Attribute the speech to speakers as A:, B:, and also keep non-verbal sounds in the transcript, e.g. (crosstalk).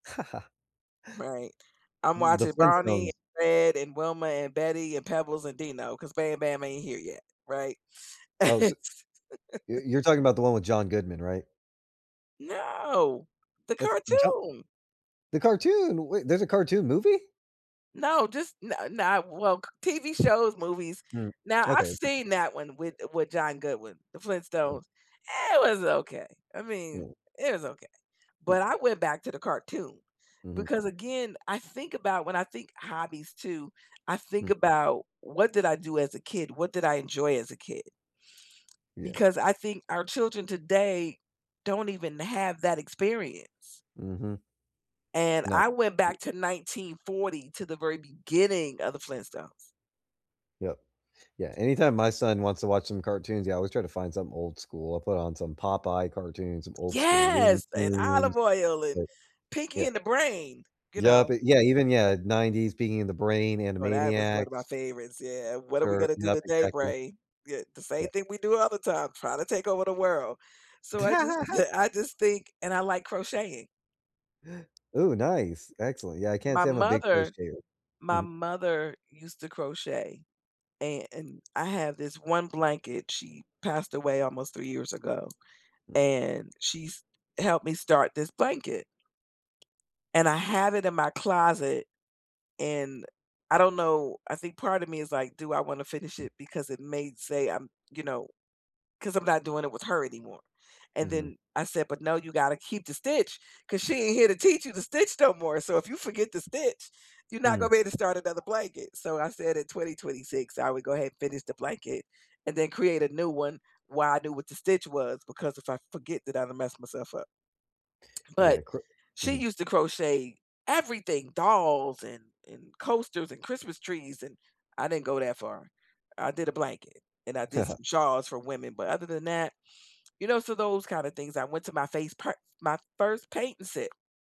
A: (chuckles)
B: Right. I'm
A: M The
B: watching Bonnie,
A: Flintstones.
B: and Fred, and Wilma, and Betty, and Pebbles, and Dino, 'cause Bam Bam ain't here yet, right?
A: Oh,
B: (laughs)
A: so y you're talking about the one with John Goodman, right?
B: No. The
A: That's Jo
B: cartoon.
A: the cartoon? Wait, there's a cartoon movie?
B: No, just n no well, c TV shows, movies.
A: Mm.
B: Now, I've
A: Okay, I see
B: seen that one with with John Goodwin, the
A: Hmm.
B: Flintstones. It was okay, I
A: Yeah.
B: mean, it was okay,
A: Hmm.
B: but I went back to the cartoon
A: Mhm.
B: because, again, I think about when I think hobbies, too, I think
A: Hmm.
B: about, what did I do as a kid? What did I enjoy as a kid?
A: Yeah.
B: Because I think our children, today, don't even have that experience.
A: Mhm.
B: And
A: No,
B: I went
A: h
B: back to 1940, to the very beginning of the Flintstones.
A: Yep. Yeah, anytime my son wants to watch some cartoons, yeah, I always try to find something old school. I put on some Popeye cartoons, some old school Looney
B: Yes! And Olive
A: Tunes,
B: Oyl and
A: that
B: Pinky
A: yeah.
B: and the Brain, you
A: Yep,
B: know?
A: it yeah, even, yeah, 90s, Pinky and the Brain,
B: Well, that was one of my
A: Animaniacs.
B: favorites, yeah. "What are we
A: Ter
B: gonna do
A: nup,
B: today,
A: exactly.
B: Brain?" Yeah. "The same
A: Yeah.
B: thing we do all the time, trying to take over the world." So, I just
A: (laughs)
B: (chuckles) I just think and I like crocheting.
A: Ooh, nice. Excellent. Yeah, I can't
B: My
A: say I'm a big
B: mother,
A: crocheter.
B: my
A: Mhm.
B: mother used to crochet, and I have this one blanket. She passed away almost 3 years ago,
A: Mm.
B: and she's helped me start this blanket, and I have it in my closet, and, I don't know, I think part of me is like, "Do I wanna finish it," because it may say I'm, you know 'cause I'm not doing it with her anymore, and,
A: Mhm.
B: then, I said, "But, no, you gotta keep the stitch 'cause she ain't here to teach you to stitch no more. So if you forget to stitch, you not gonna
A: Hmm.
B: be able to start another blanket." So I said at 2026 I would go ahead and finish the blanket and then create a new one while I knew what the stitch was because if I forget, then I'd have messed myself up,
A: Yeah,
B: but,
A: cro
B: she
A: mhm.
B: used to crochet everything, dolls and and coasters and Christmas trees, and I didn't go that far. I did a blanket, and I did
A: (chuckles)
B: some shawls for women, but other than that, you know, so those kind of things. I went to my face per my first painting set.